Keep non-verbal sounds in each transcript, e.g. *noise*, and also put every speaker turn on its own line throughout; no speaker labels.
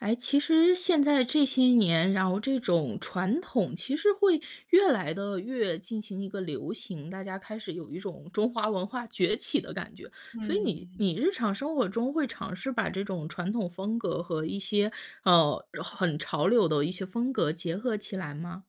哎，其实现在这些年，然后这种传统其实会越来地越进行一个流行，大家开始有一种中华文化崛起的感觉。所以你
嗯。
你日常生活中会尝试把这种传统风格和一些，呃，然后很潮流的一些风格结合起来吗？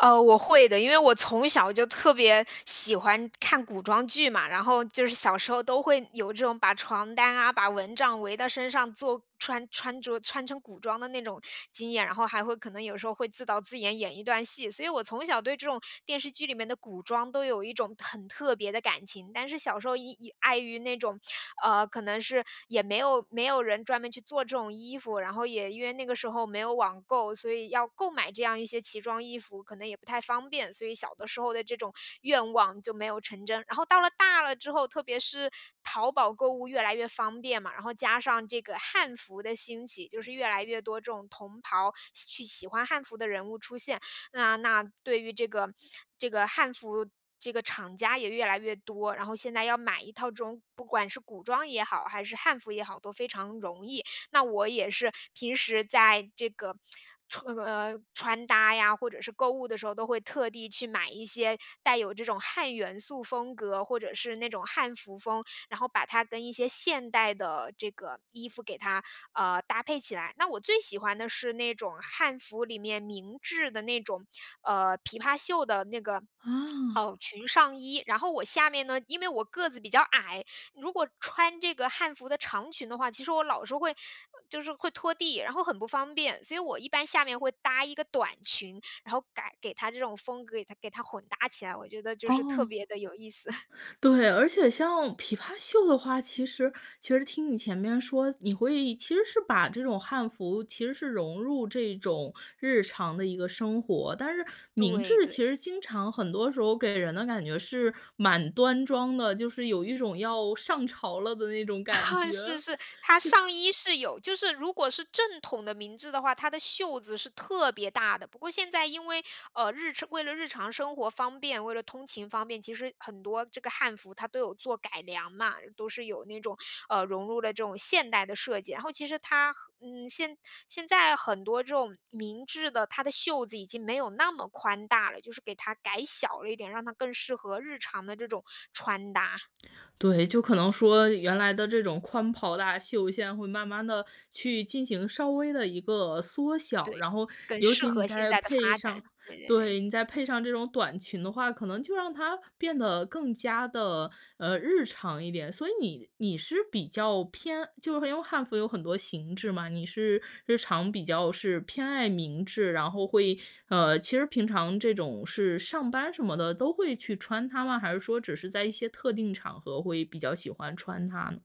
呃，我会的。因为我从小就特别喜欢看古装剧嘛，然后就是小时候都会有这种把床单啊、把蚊帐围到身上做穿穿着穿成古装的那种经验，然后还会可能有时候会自导自演演一段戏。所以我从小对这种电视剧里面的古装都有一种很特别的感情。但是小时候因因碍于那种，呃，可能是也没有没有人专门去做这种衣服，然后也因为那个时候没有网购，所以要购买这样一些奇装异服，可能也不太方便，所以小的时候的这种愿望就没有成真。然后到了大了之后，特别是淘宝购物越来越方便嘛，然后加上这个汉服的兴起，就是越来越多这种同袍喜去喜欢汉服的人物出现。那那对于这个这个汉服这个厂家也越来越多，然后现在要买一套这种不管是古装也好，还是汉服也好，都非常容易。那我也是平时在这个 *smacks lips* 穿那呃，穿搭呀，或者是购物的时候，都会特地去买一些带有这种汉元素风格，或者是那种汉服风，然后把它跟一些现代的这个衣服给它，呃，搭配起来。那我最喜欢的是那种汉服里面明制的那种，呃，琵琶袖的那个 *smacks lips*
啊。
袄裙上衣。然后我下面呢因为我个子比较矮，如果穿这个汉服的长裙的话，其实我老是会，呃，就是会拖地，然后很不方便。所以我一般下面会搭一个短裙，然后改给它这种风格，给它给它混搭起来，我觉得就是特
哦。
别地有意思。*chuckles*
对，而且像琵琶袖的话，其实其实听你前面说，你会其实是把这种汉服其实是融入这种日常的一个生活。但是明
对
制
对。
其实经常很多时候给人的感觉是蛮端庄的，就是有一种要上朝了的那种感
*laughs*
觉。
是是。它
是
上衣是有就是如果是正统的明制的话，它的袖子是特别大的。不过现在因为，呃，日常为了日常生活方便、为了通勤方便，其实很多这个汉服它都有做改良嘛，都是有那种，呃，融入了这种现代的设计。然后其实它和嗯，现现在很多这种明制的，它的袖子已经没有那么宽大了，就是给它改小了一点，让它更适合日常的这种穿搭。
对，就可能说原来的这种宽袍大袖现在会慢慢地去进行稍微的一个缩小，
对，
然后
更
尤
适
其你
合现
再
在的
配
发展，
上
对对
对，
对。
你再配上这种短裙的话，可能就让它变得更加地，呃，日常一点。所以你你是比较偏就是因为汉服有很多形制嘛，你是日常比较是偏爱明制，然后会呃，其实平常这种是上班什么的都会去穿它吗？还是说只是在一些特定场合会比较喜欢穿它呢？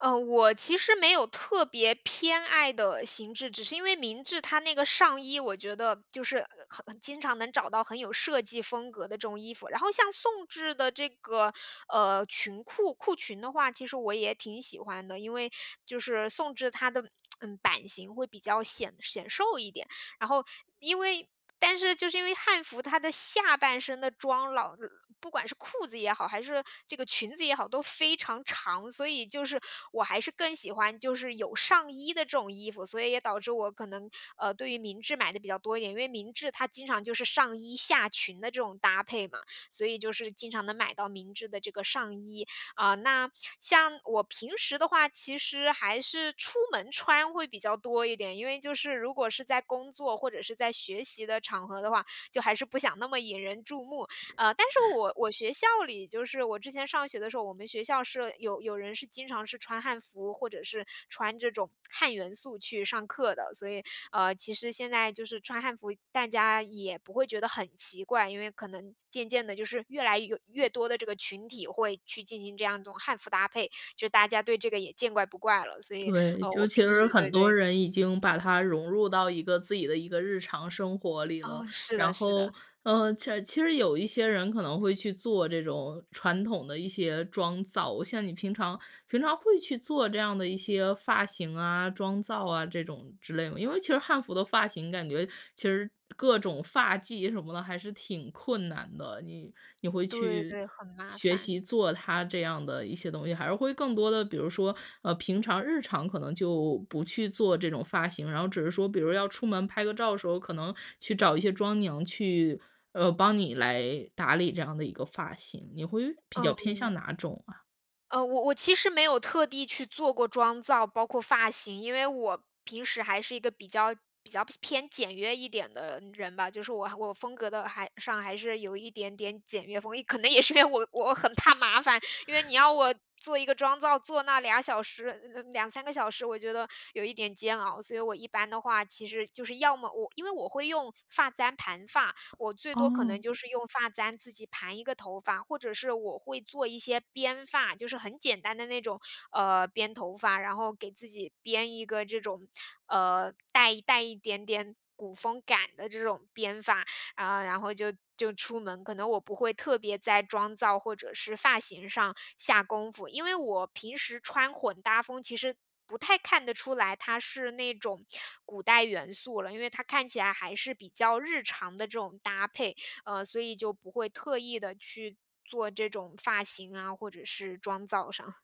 啊，我其实没有特别偏爱的形制。只是因为明制它那个上衣，我觉得就是很很经常能找到很有设计风格的这种衣服。然后像宋制的这个，呃，裙裤裤裙的话，其实我也挺喜欢的。因为就是宋制它的，*smacks lips* 嗯，版型会比较显显瘦一点。然后因为但是就是因为汉服它的下半身的装老不管是裤子也好，还是这个裙子也好，都非常长，所以就是我还是更喜欢就是有上衣的这种衣服，所以也导致我可能，呃，对于明制买的比较多一点。因为明制它经常就是上衣下裙的这种搭配嘛，所以就是经常能买到明制的这个上衣。呃，那像我平时的话，其实还是出门穿会比较多一点，因为就是如果是在工作或者是在学习的场合的话，就还是不想那么引人注目。呃，但是我我学校里，就是我之前上学的时候，我们学校是有有人是经常是穿汉服、或者是穿这种汉元素去上课的。所以，呃，其实现在就是穿汉服，大家也不会觉得很奇怪。因为可能渐渐地就是越来哟越多的这个群体会去进行这样一种汉服搭配，就是大家对这个也见怪不怪了。所以，
对，
呃，
就
我
其
平时
实很
对
多
对
人已经把它融入到一个自己的一个日常生活里
哦，
了。
是的
然
是的。
后，呃，切其实有一些人可能会去做这种传统的一些妆造。像你平常平常会去做这样的一些发型啊、妆造啊这种之类么？因为其实汉服的发型感觉其实各种发髻什么的还是挺困难的，你你会
对
去
对，很麻
学习
烦。
做它这样的一些东西，还是会更多的，比如说，呃，平常日常可能就不去做这种发型，然后只是说比如说要出门拍个照的时候，可能去找一些妆娘去，呃，帮你来打理这样的一个发型？你会比较偏向
嗯。
哪种啊？
呃我我其实没有特地去做过妆造，包括发型。因为我平时还是一个比较比较偏简约一点的人吧，就是我我风格的还上还是有一点点简约风，一可能也是因为我我很怕麻烦，因为你
*chuckles*
要我做一个妆造，坐那俩小时，2、3个小时，我觉得，有一点煎熬。所以我一般的话，其实就是要么我因为我会用发簪盘发，我最多可
哦。
能就是用发簪自己盘一个头发，或者是我会做一些编发，就是很简单的那种，呃，编头发。然后给自己编一个这种，呃，带带一点点古风感的这种编发，呃，然后就就出门，可能我不会特别在妆造或者是发型上下功夫。因为我平时穿混搭风，其实不太看得出来它是那种古代元素了，因为它看起来还是比较日常的这种搭配，呃，所以就不会特意地去做这种发型啊，或者是妆造上。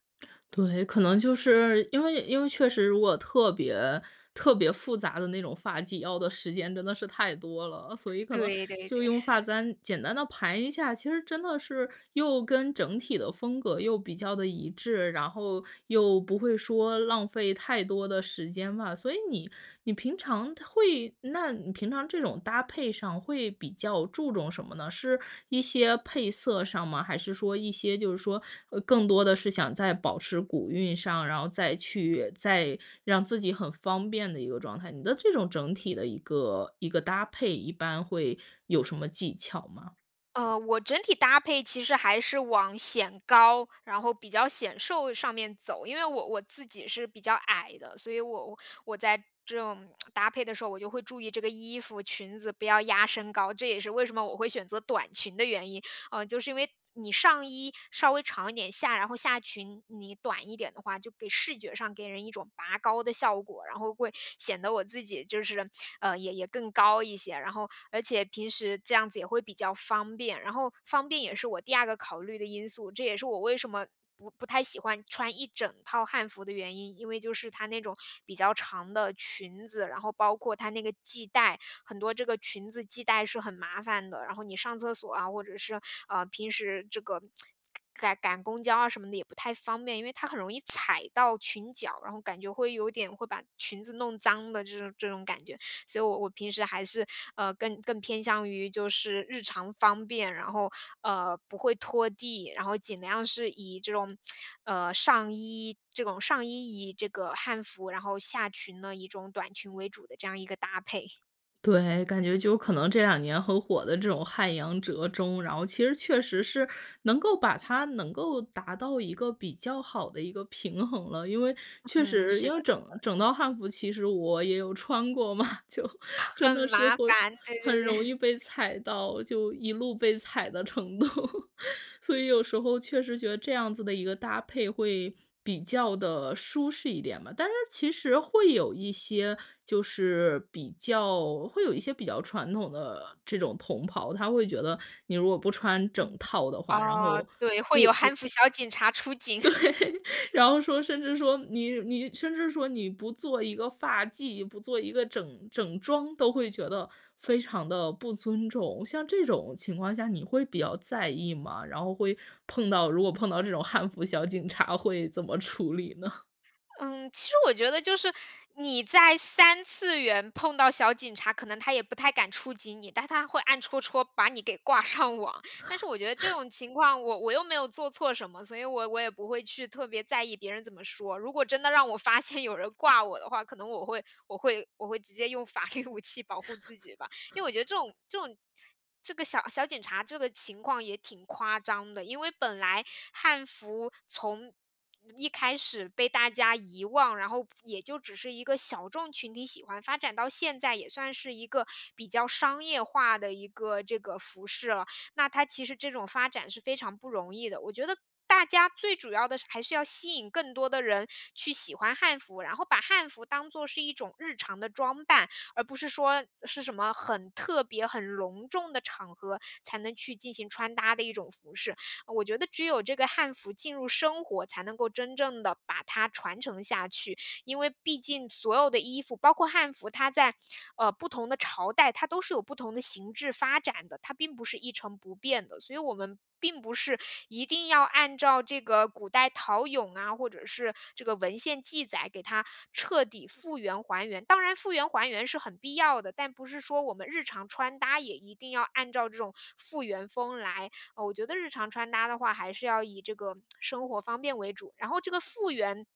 对，可能就是因为因为确实如果特别特别复杂的那种发髻要的时间真的是太多了，所以可能
对对
就
对。
用发
*chuckles*
簪简单地盘一下，其实真的是又跟整体的风格又比较地一致，然后，又不会说浪费太多的时间吧。所以你你平常它会那你平常这种搭配上会比较注重什么呢？是一些配色上吗？还是说一些就是说，呃更多的是想在保持古韵上？然后再去再让自己很方便的一个状态？你的这种整体的一个一个搭配一般会有什么技巧吗？
呃，我整体搭配其实还是往显高，然后比较显瘦上面走。因为我我自己是比较矮的，所以我我我在这种 *smacks lips* 搭配的时候，我就会注意这个衣服、裙子不要压身高，这也是为什么我会选择短裙的原因。呃，就是因为，你上衣稍微长一点，下然后下裙，你短一点的话，就给视觉上给人一种拔高的效果，然后会，显得我自己就是，呃，也也更高一些，然后而且平时这样子也会比较方便。然后方便也是我第二个考虑的因素，这也是我为什么，不不太喜欢穿一整套汉服的原因，因为就是它那种比较长的裙子，然后包括它那个系带，很多这个裙子系带是很麻烦的。然后你上厕所啊，或者是，呃，平时这个 *tsk* 赶赶公交啊什么的也不太方便，因为它很容易踩到裙脚，然后感觉会有点会把裙子弄脏的这种这种感觉。所以我我平时还是，呃，更更偏向于就是日常方便，然后，呃，不会拖地，然后尽量是以这种，*tsk* 呃，上衣这种上衣以这个汉服，然后下裙呢以一种短裙为主的这样一个搭配。
对，感觉就可能这两年很火的这种汉阳折中，然后其实确实是，能够把它能够达到一个比较好的一个平衡了。因为，确
嗯，
实，
是
因
的
为整
是
整
的。
套汉服，其实我也有穿过嘛，就真
很
的是
麻
会，
烦，对对
很
对。
容易被
*laughs*
踩到，就一路被踩的程度，*laughs* 所以有时候确实觉得这样子的一个搭配会比较地舒适一点吧。但是其实会有一些就是比较会有一些比较传统的这种同袍，他会觉得，你如果不穿整
嗯。
套的话，然
哦。
后，
对，会
不
有
不
汉
对，
服小警察出警。*laughs*
然后说甚至说，你你甚至说你不做一个发髻，不做一个整整装，都会觉得，非常地不尊重，像这种情况下你会比较在意吗？然后会碰到如果碰到这种汉服小警察会怎么处理呢？
嗯，其实我觉得就是，你在三次元碰到小警察，可能他也不太敢触及你，但他会暗戳戳把你给挂上网。但是我觉得这
*laughs*
种情况我我又没有做错什么，所以我我也不会去特别在意别人怎么说。如果真的让我发现有人挂我的话，可能我会我会我会直接用法律武器保护自己吧。因为我觉得
*laughs*
这种这种这个小小警察，这个情况也挺夸张的。因为本来汉服从一开始被大家遗忘，然后也就只是一个小众群体喜欢，发展到现在，也算是一个比较商业化的一个这个服饰了。那它其实这种发展是非常不容易的，我觉得，大家最主要的是还是要吸引更多的人，去喜欢汉服，然后把汉服当作是一种日常的装扮，而不是说，是什么很特别、很隆重的场合，才能去进行穿搭的一种服饰。我觉得只有这个汉服进入生活，才能够真正的把它传承下去。因为毕竟所有的衣服，包括汉服，它在，呃，不同的朝代，它都是有不同的形制发展的，它并不是一成不变的。所以我们并不是，一定要按照这个古代陶俑啊，或者是这个文献记载，给它彻底复原、还原。当然复原、还原是很必要的，但不是说我们日常穿搭也一定要按照这种复原风来。呃，我觉得日常穿搭的话还是要以这个 *tsk* 生活方便为主，然后这个复原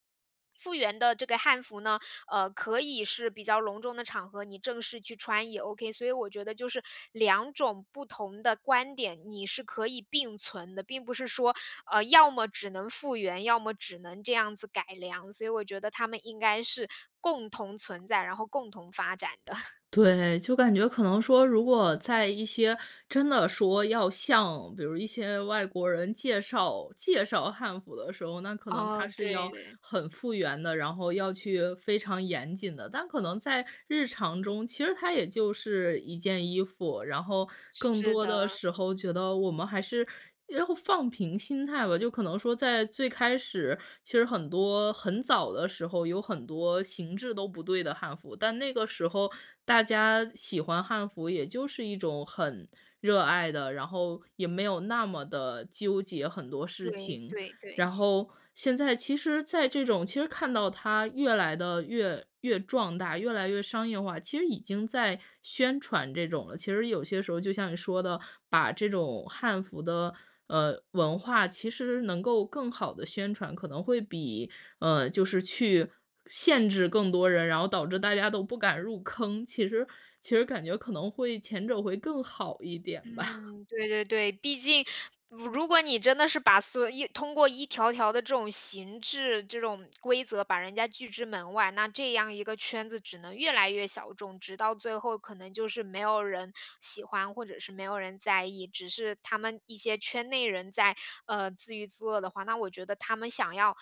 复原的这个汉服呢，呃，可以是比较隆重的场合，你正式去穿也 Ok。所以我觉得就是，两种不同的观点，你是可以并存的，并不是说，呃，要么只能复原，要么只能这样子改良，所以我觉得他们应该是，共同存在，然后共同发展的。*chuckles*
对，就感觉可能说如果在一些真的说要像比如一些外国人介绍介绍汉服的时候，那可能
哦，
它是要
对，对。
很复原的，然后要去非常严谨的。但可能在日常中，其实它也就是一件衣服，然后，更
是
多的
的。
时候觉得我们还是要放平心态吧。就可能说在最开始其实很多很早的时候有很多形制都不对的汉服，但那个时候大家喜欢汉服也就是一种很，热爱的，然后也没有那么地纠结很多事
对，
情。
对，
然
对。
后现在其实在这种其实看到它越来得越越壮大、越来越商业化，其实已经在宣传这种了。其实有些时候就像你说的，把这种汉服的，呃，文化其实能够更好地宣传，可能会比，呃，就是去，限制更多人，然后导致大家都不敢入坑，其实其实感觉可能会前者会更好一点吧。
嗯，对对对。毕竟如如果你真的是把所有通过一条条的这种形制、这种规则，把人家拒之门外，那这样一个圈子只能越来越小众，直到最后可能就是没有人喜欢，或者是没有人在意。只是他们一些圈内人在，呃，自娱自乐的话，那我觉得他们想要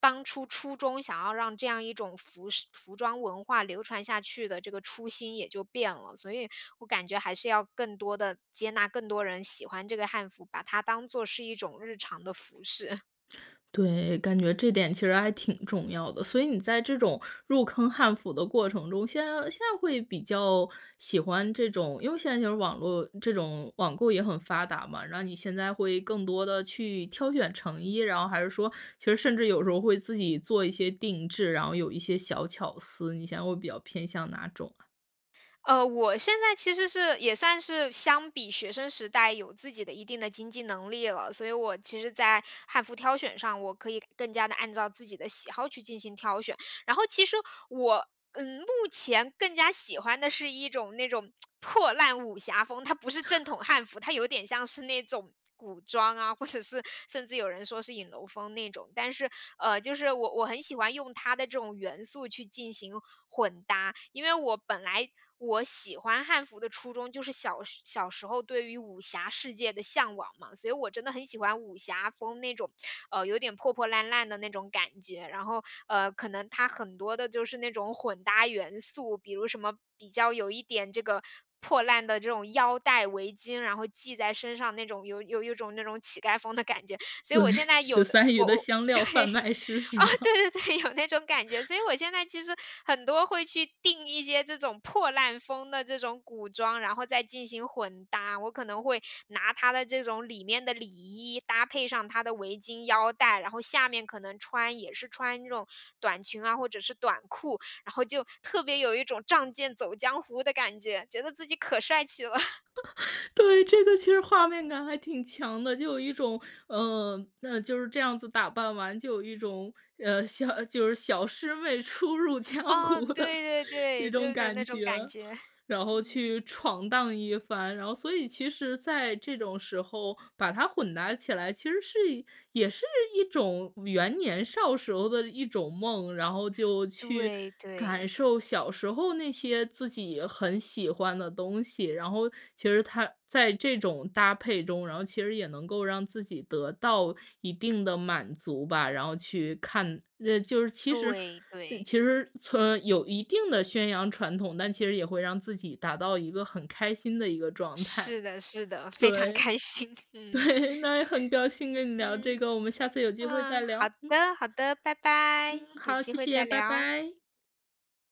当初初衷想要让这样一种服饰服装文化流传下去的这个初心也就变了。所以，我感觉还是要更多地接纳更多人喜欢这个汉服，把它当作是一种日常的服饰。
对，感觉这点其实还挺重要的。所以你在这种入坑汉服的过程中，现在现在会比较喜欢这种因为现在这种网络这种网购也很发达嘛，然后你现在会更多地去挑选成衣，然后还是说其实甚至有时候会自己做一些定制，然后有一些小巧思，你现在会比较偏向哪种啊？
呃，我现在其实是也算是相比学生时代有自己的一定的经济能力了。所以我其实在汉服挑选上，我可以更加地按照自己的喜好去进行挑选。然后其实我，呃，目前更加喜欢的是一种那种 *smacks lips* 破烂武侠风。它不是正统汉
*laughs*
服，它有一点像是那种古装啊，或者是甚至有人说是影楼风那种。但是，呃，就是我我很喜欢用它的这种元素去进行混搭。因为我本来我喜欢汉服的初衷，就是小时小时候对于武侠世界的向往嘛，所以我真的很喜欢武侠风那种，呃，有点破破烂烂的那种感觉。然后，呃，可能它很多的就是那种混搭元素，比如什么比较有一点这个破烂的这种腰带、围巾，然后系在身上那种有有有一种那种乞丐风的感觉。所以
对，
我现在有
十
的
三余
我
的
我，
香
对。
料贩梦师是
啊，
么？
对对对，有那种感觉。所以
*laughs*
我现在其实很多会去订一些这种破烂风的这种古装，然后再进行混搭。我可能会拿它的这种里面的里衣，搭配上它的围巾、腰带，然后下面可能穿也是穿那种短裙啊或者是短裤，然后就特别有一种仗剑走江湖的感觉，觉得自己可帅气了。*chuckles*
*laughs* 对，这个其实画面感还挺强的。就有一种，呃，那就是这样子打扮完，就有一种，呃，小就是小师妹初入江
哦，
湖的
对对
这
对，就是
种
有点
感
那种感
觉，
觉。*chuckles*
然后
嗯。
去闯荡一番。然后所以其实在这种时候把它混搭起来，其实是也是一种圆年少时候的一种梦，然后就去
对，
感
对。
受小时候那些自己很喜欢的东西。然后其实它在这种搭配中，然后其实也能够让自己得到一定的满足吧。然后去看呃，就是其实
对，
呃，
对。
其实，呃，从有一定的宣扬传统，但其实也会让自己达到一个很开心的一个状态。
是的是的，非常
对，
开心，嗯。
对，那也很高兴
*laughs*
跟你聊这
嗯。
个，我们下次有机会再
啊，好
聊。嗯。
的好的，拜拜，
嗯，
有
好，
机
谢
会再
谢，拜
聊。
拜。